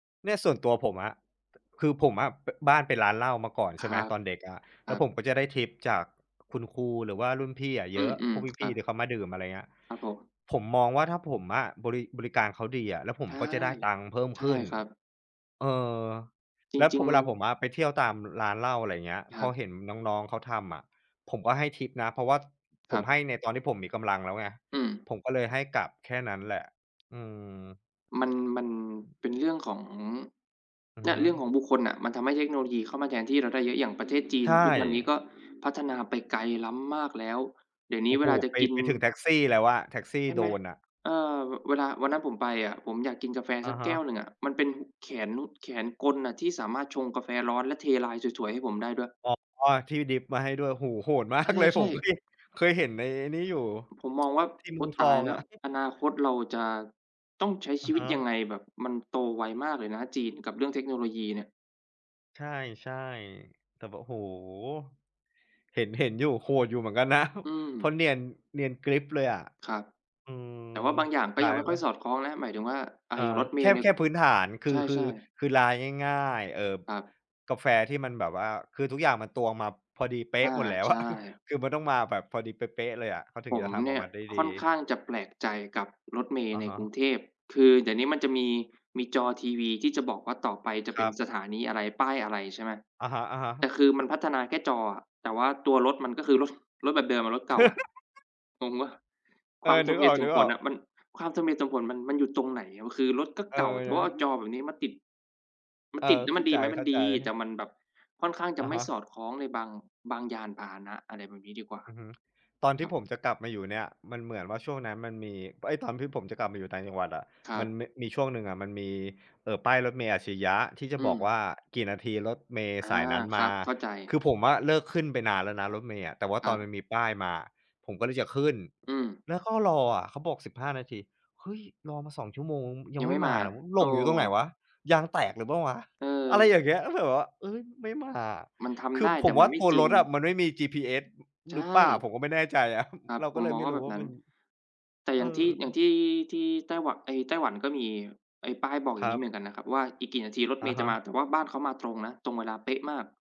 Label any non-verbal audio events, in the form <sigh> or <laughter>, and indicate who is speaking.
Speaker 1: เนี่ย ส่วนตัวผมอะ คือผมอะ ป บ้านเป็นร้านเหล้ามาก่อน
Speaker 2: ค
Speaker 1: ใช่
Speaker 2: ร
Speaker 1: ไห
Speaker 2: ั
Speaker 1: ม
Speaker 2: บ
Speaker 1: ตอนเด็กอะ
Speaker 2: ค
Speaker 1: แล
Speaker 2: ร
Speaker 1: ้
Speaker 2: ั
Speaker 1: ว
Speaker 2: บ
Speaker 1: ผมก็จะได้ทิปจากคุณครู หรือว่ารุ่นพี่อะเ
Speaker 2: อื
Speaker 1: ยอะ พ
Speaker 2: ม
Speaker 1: วก
Speaker 2: ๆ ค
Speaker 1: พ
Speaker 2: รั
Speaker 1: ี่
Speaker 2: บ
Speaker 1: ๆ ที่เขามาดื่ม อะไรเงี้ย
Speaker 2: ครับผม
Speaker 1: ผมมองว่าถ้าผมอะบริ บริการเขาดีอะ แล้วผ
Speaker 2: ใ
Speaker 1: ม
Speaker 2: ช่
Speaker 1: ก็จะได้ตังค์เพิ่ม
Speaker 2: ใช
Speaker 1: ข
Speaker 2: ่
Speaker 1: ึ้น
Speaker 2: ครับ
Speaker 1: เออ
Speaker 2: จ
Speaker 1: แล้ว
Speaker 2: ร
Speaker 1: ผ
Speaker 2: ิง
Speaker 1: เวลาผ
Speaker 2: ๆ
Speaker 1: มอะไปเที่ยวตามร้านเหล้า อะไรเงี้ย
Speaker 2: คร
Speaker 1: พ
Speaker 2: ั
Speaker 1: อ
Speaker 2: บ
Speaker 1: เห็นน้อง ๆ เขาทำอะ ผมก็ให้ทิปนะ เพราะว่า
Speaker 2: ค
Speaker 1: ผ
Speaker 2: ร
Speaker 1: ม
Speaker 2: ั
Speaker 1: ให้
Speaker 2: บ
Speaker 1: ในตอนที่ผมมีกำลังแล้วไง
Speaker 2: อืม
Speaker 1: ผมก็เลยให้กลับแค่นั้นแหละ อืม
Speaker 2: มัน มันเป็นเรื่องของ
Speaker 1: อือ
Speaker 2: เนี
Speaker 1: ฮ
Speaker 2: ่
Speaker 1: ึ
Speaker 2: ย เรื่องของบุคคลน่ะ มันทำให้เทคโนโลยีเข้ามาแทนที่เราได้เยอะ อย่างประเทศจี
Speaker 1: ใช
Speaker 2: น ทุกวันนี้ก
Speaker 1: ่
Speaker 2: ็พัฒนาไปไกลล้ำมากแล้ว เดี๋ยวนี
Speaker 1: โอ
Speaker 2: ้
Speaker 1: ้
Speaker 2: เว
Speaker 1: โฮ
Speaker 2: ลาจะ
Speaker 1: ไป
Speaker 2: กิน
Speaker 1: ไปถึงแท็กซี่แล้วอะ แท็กซี่
Speaker 2: ใช่ไหม?
Speaker 1: Drone อะ
Speaker 2: เออ ว เวลา วันนั้นผมไปอะ ผมอยากกินกาแฟ
Speaker 1: อ
Speaker 2: ส
Speaker 1: ะ
Speaker 2: ัก
Speaker 1: ฮ
Speaker 2: แก้
Speaker 1: ะ
Speaker 2: วหนึ่งอะ มันเป็นแขนลุด แขนกลอะที่สามารถชงกาแฟร้อน และเทลายสวย ๆ ให้ผมได้ด้วย
Speaker 1: อ๋อ ที่ดริปมาให้ด้วย โอ้โฮ โหด มา
Speaker 2: ใ
Speaker 1: กเลย
Speaker 2: ช
Speaker 1: ผ
Speaker 2: ่
Speaker 1: มก็
Speaker 2: ๆ
Speaker 1: เคย เคยเห็นในไอ้นี่อยู่
Speaker 2: ผมมองว่า
Speaker 1: <tsk> ที่
Speaker 2: โ
Speaker 1: เ
Speaker 2: อ
Speaker 1: มื
Speaker 2: ๊
Speaker 1: อ
Speaker 2: ย
Speaker 1: งท
Speaker 2: ต
Speaker 1: อ
Speaker 2: าย
Speaker 1: ง
Speaker 2: แล้
Speaker 1: อ
Speaker 2: ว!
Speaker 1: ะ <chuckles>
Speaker 2: อนาคตเราจะ ต้องใช้ช
Speaker 1: อะ
Speaker 2: ีวิ
Speaker 1: ฮ
Speaker 2: ตยั
Speaker 1: ะ
Speaker 2: งไง? แบบมันโตไวมากเลยนะ จีนกับเรื่องเทคโนโลยีเนี่ย
Speaker 1: ใช่ ๆ แต่แบบ โอ้โฮ เห็น เห็นอยู่ โหดอยู่เหมือนกันนะ
Speaker 2: อื
Speaker 1: เพราะ
Speaker 2: ม
Speaker 1: เนียน เนียนกริ๊บเลยอะ
Speaker 2: ครับ
Speaker 1: อืม
Speaker 2: แต่ว่าบางอย่างก็
Speaker 1: ลา
Speaker 2: ยั
Speaker 1: ย
Speaker 2: งไม่ค่
Speaker 1: ล
Speaker 2: อยส
Speaker 1: ะ
Speaker 2: อดคล้องนะ หมายถึงว่า อะ
Speaker 1: เอ
Speaker 2: อย่าง
Speaker 1: อ
Speaker 2: รถเม
Speaker 1: แค
Speaker 2: ล
Speaker 1: ่
Speaker 2: ์เนี่
Speaker 1: แ
Speaker 2: ย
Speaker 1: ค่พื้นฐาน ค
Speaker 2: ใ
Speaker 1: ือ คื
Speaker 2: ช
Speaker 1: อ
Speaker 2: ่ ๆ
Speaker 1: คือลายง่าย ๆ เอ่อ
Speaker 2: ครับ
Speaker 1: กาแฟที่มันแบบว่า คือทุกอย่างมันตวงมาพอดีเป๊
Speaker 2: อา
Speaker 1: ะหมดแล้ว
Speaker 2: ใช
Speaker 1: อะ <chuckles>
Speaker 2: ่
Speaker 1: คือมันต้องมาแบบพอดีเป๊ะ ๆ เลยอะ เขาถึ
Speaker 2: ผ
Speaker 1: งจ
Speaker 2: ม
Speaker 1: ะทำอ
Speaker 2: เน
Speaker 1: อ
Speaker 2: ี่
Speaker 1: ก
Speaker 2: ย
Speaker 1: มาได้ด
Speaker 2: ค่อน
Speaker 1: ี
Speaker 2: ข้างจะแปลกใจกับรถเมล
Speaker 1: อ
Speaker 2: ์
Speaker 1: ะ
Speaker 2: ใน
Speaker 1: ฮ
Speaker 2: กรุง
Speaker 1: ะ
Speaker 2: เทพ คือเดี๋ยวนี้มันจะมี มีจอทีวีที่จะบอกว่าต่อไปจ
Speaker 1: ค
Speaker 2: ะเ
Speaker 1: ร
Speaker 2: ป็น
Speaker 1: ับ
Speaker 2: สถานีอะไร ป้ายอะไร ใช่ไหม
Speaker 1: อะฮะ
Speaker 2: แต่
Speaker 1: ๆ
Speaker 2: คือมันพัฒนาแค่จออะ แต่ว่าตัวรถมันก็คือ รถ รถแบบเดิมอะ รถเก่าอะ
Speaker 1: <laughs>
Speaker 2: งงเปล่า?
Speaker 1: เอ
Speaker 2: ค
Speaker 1: อ
Speaker 2: วามส
Speaker 1: นึ
Speaker 2: ม
Speaker 1: ก
Speaker 2: เห
Speaker 1: อ
Speaker 2: ตุสมผ
Speaker 1: อ
Speaker 2: ล
Speaker 1: ก
Speaker 2: น่ะ
Speaker 1: ๆ
Speaker 2: มัน ความสมเหตุสมผลมัน มันอยู่ตรงไหน? คือรถก็
Speaker 1: เอ
Speaker 2: เก่า แต่ว่า
Speaker 1: อ
Speaker 2: เอาจอ
Speaker 1: <chuckles>
Speaker 2: แบบนี้มาติด มัน
Speaker 1: เออ
Speaker 2: ติดแล้ว
Speaker 1: เข
Speaker 2: มั
Speaker 1: ้
Speaker 2: น
Speaker 1: า
Speaker 2: ดี
Speaker 1: ใ
Speaker 2: ไหม มันด
Speaker 1: จ
Speaker 2: ี แต่
Speaker 1: ๆ
Speaker 2: มันแบบค่อนข้างจ
Speaker 1: อ
Speaker 2: ะ
Speaker 1: ะ
Speaker 2: ไม
Speaker 1: ฮ
Speaker 2: ่
Speaker 1: ะ
Speaker 2: สอดคล้องในบาง บางยานพาหนะ อะไรแบบนี้ดีกว่า
Speaker 1: อือฮึ ตอนที
Speaker 2: ค
Speaker 1: ่
Speaker 2: รับ
Speaker 1: ผมจะกลับมาอยู่เนี่ย มันเหมือนว่าช่วงนั้นมันมี เอ๊ย ตอนที่ผมจะกลับมาอยู่ต่างจังหวัดอะ
Speaker 2: คร
Speaker 1: ม
Speaker 2: ั
Speaker 1: ัน
Speaker 2: บ
Speaker 1: ม มีช่วงหนึ่งอะ มันมี เอ่อ ป้ายรถเมล์อัจฉริยะที่จะ
Speaker 2: อื
Speaker 1: บอกว
Speaker 2: ม
Speaker 1: ่า กี่นาทีรถเมล์
Speaker 2: อา
Speaker 1: สายนั้น
Speaker 2: ค
Speaker 1: ม
Speaker 2: ร
Speaker 1: า
Speaker 2: ับ เข้าใจ
Speaker 1: คือผมอะเลิกขึ้นไปนานแล้วนะ รถเมล์อะ แต่ว่า
Speaker 2: ค
Speaker 1: ต
Speaker 2: รั
Speaker 1: อน
Speaker 2: บ
Speaker 1: มันมีป้ายมาอะ ผมก็เลยจะขึ้น
Speaker 2: อืม
Speaker 1: แล้วก็รออะ เขาบอก 15 นาที เฮ้ย รอมา 2 ชั่วโมงยั
Speaker 2: ยั
Speaker 1: ง
Speaker 2: ง
Speaker 1: ไม
Speaker 2: ไม
Speaker 1: ่
Speaker 2: ่
Speaker 1: ม
Speaker 2: ม
Speaker 1: า
Speaker 2: า
Speaker 1: อะ อ ห
Speaker 2: เอ
Speaker 1: ล
Speaker 2: อ
Speaker 1: งอยู่ตรงไหนวะ? ยางแตกหรือเปล่าวะ? อะไร
Speaker 2: เออ
Speaker 1: อย่างเงี้ย ก็เลยแบบว่า เฮ้ย ไม่มาอะ
Speaker 2: มันท
Speaker 1: ค
Speaker 2: ำ
Speaker 1: ื
Speaker 2: ไ
Speaker 1: อ
Speaker 2: ด้
Speaker 1: ผ
Speaker 2: แต่
Speaker 1: ม
Speaker 2: ม
Speaker 1: ว
Speaker 2: ั
Speaker 1: ่
Speaker 2: น
Speaker 1: า
Speaker 2: ไม่
Speaker 1: ตัว
Speaker 2: จร
Speaker 1: ร
Speaker 2: ิง
Speaker 1: ถอะมันไม่มี GPS อ
Speaker 2: ใช
Speaker 1: หรือเปล่า
Speaker 2: ่
Speaker 1: ผมก็ไม่แน่ใจ อะ
Speaker 2: ครับ
Speaker 1: เรา
Speaker 2: ผ
Speaker 1: ก็
Speaker 2: ม
Speaker 1: เล
Speaker 2: ม
Speaker 1: ย
Speaker 2: อ
Speaker 1: ไม
Speaker 2: ง
Speaker 1: ่
Speaker 2: ว่า
Speaker 1: รู
Speaker 2: แบ
Speaker 1: ้
Speaker 2: บ
Speaker 1: ว่
Speaker 2: น
Speaker 1: า
Speaker 2: ั้
Speaker 1: ม
Speaker 2: น
Speaker 1: ัน
Speaker 2: แต่อ
Speaker 1: เ
Speaker 2: ย
Speaker 1: อ
Speaker 2: ่างท
Speaker 1: อ
Speaker 2: ี่ อย่างที่ ที่ไต้หวะ ไอ้ไต้หวันก็มี ไอ้ป้ายบอกอ
Speaker 1: ค
Speaker 2: ย่า
Speaker 1: ร
Speaker 2: ง
Speaker 1: ั
Speaker 2: งี้เ
Speaker 1: บ
Speaker 2: หมือนกันนะครับว่า อีกกี่นาทีรถ
Speaker 1: อ
Speaker 2: เม
Speaker 1: ะ
Speaker 2: ล์จ
Speaker 1: ฮ
Speaker 2: ะม
Speaker 1: ะ
Speaker 2: า แต่ว่าบ้านเขามาตรงนะ ตรงเวลาเป๊ะมาก